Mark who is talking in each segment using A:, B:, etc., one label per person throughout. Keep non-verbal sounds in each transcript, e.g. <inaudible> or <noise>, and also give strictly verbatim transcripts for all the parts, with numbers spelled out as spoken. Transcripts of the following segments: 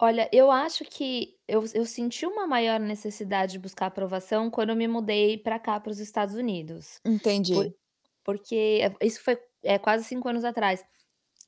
A: Olha, eu acho que eu eu senti uma maior necessidade de buscar aprovação quando eu me mudei para cá para os Estados Unidos. Por
B: Entendi.
A: porque, eh, isso foi, eh, quase cinco anos atrás.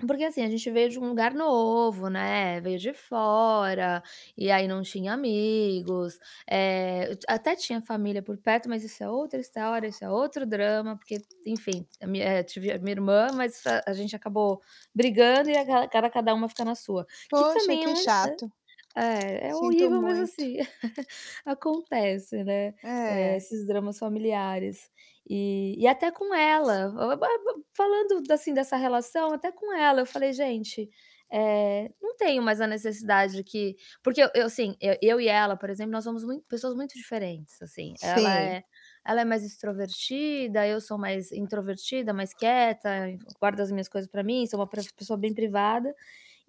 A: Porque assim, gente veio de um lugar novo, né, veio de fora, e aí não tinha amigos, eh, eu até tinha família por perto, mas isso é outra história, isso é outro drama, porque, enfim, t a minha, eh tive a minha irmã, mas, hã, a gente acabou brigando e agala cada cada uma fica na sua, que
B: Poxa,
A: também é
B: que
A: um
B: chato.
A: é, é
B: Sinto
A: horrível, mas,
B: muito.
A: assim, <chuckles> acontece, né, eh,
B: É.
A: esses dramas familiares. E e até com ela, ba-ba falando assim dessa relação, até com ela eu falei: "Gente, eh, não tenho mais a necessidade de que", porque eu eu, sim, eu e ela, por exemplo, nós somos muito pessoas muito diferentes assim, ela
B: Sim.
A: é ela é mais extrovertida, eu sou mais introvertida, mais quieta, enf guardo as minhas coisas para mim, sou uma pro pessoa bem privada,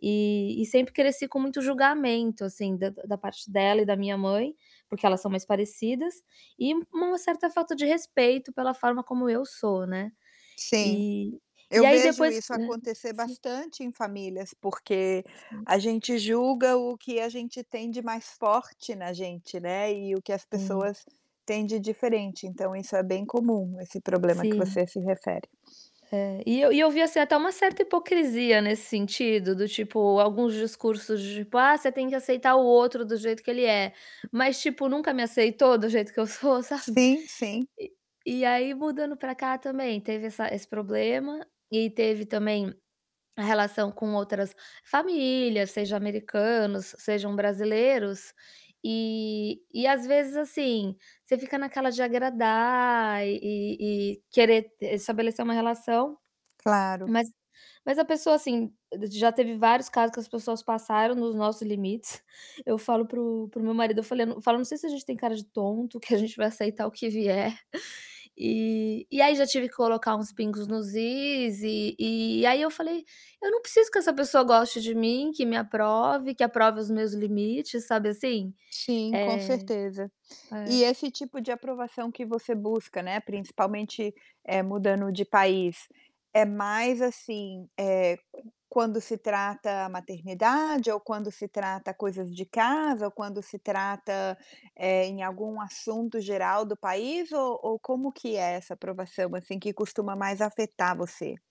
A: e e sempre cresci com muito julgamento assim da da parte dela e da minha mãe, porque elas são mais parecidas, e uma certa falta de respeito pela forma como eu sou, né.
B: Sim.
A: E e
B: Eu
A: aí
B: vejo
A: depois
B: isso
A: Hã,
B: acontecer
A: sim.
B: bastante em famílias, porque,
A: Sim.
B: a gente julga o que a gente tem de mais forte na gente, né, e o que as
A: Sim.
B: pessoas têm de diferente, então isso é bem comum, esse problema que
A: Sim.
B: você se refere.
A: É, e eu e eu vi assim até uma certa hipocrisia nesse sentido do tipo alguns discursos de tipo: "Ah, você tem que aceitar o outro do jeito que ele é", mas, tipo, nunca me aceitou do jeito que eu sou, sabe?
B: Sim, sim.
A: E e aí, mudando para cá também, teve essa esse problema, e teve também a relação com outras famílias, seja americanos, sejam brasileiros, e e às vezes assim, você fica naquela de agradar e e querer t estabelecer uma relação,
B: Claro.
A: mas mas a pessoa assim d já teve vários casos que as pessoas passaram nos nosso limites, eu falo para o para o meu marido, eu falei na eu falo: "Não sei se a gente tem cara de tonto, que a gente vai aceitar o que vier." E e aí já tive que colocar uns pingos nos is, e e aí eu falei: "Eu não preciso que essa pessoa goste de mim, que me aprove, que aprove os meus limites", sabe, assim?
B: Sim, com
A: Eh,
B: certeza. E esse
A: é
B: tipo de aprovação que você busca, né, principalmente, eh, mudando de país, é mais assim, eh, quan quando se trata maternidade ou quando se trata coisas de casa ou quando se trata, eh, em algum assunto geral do país, ou ou como que é essa aprovação assim que costuma mais afetar você?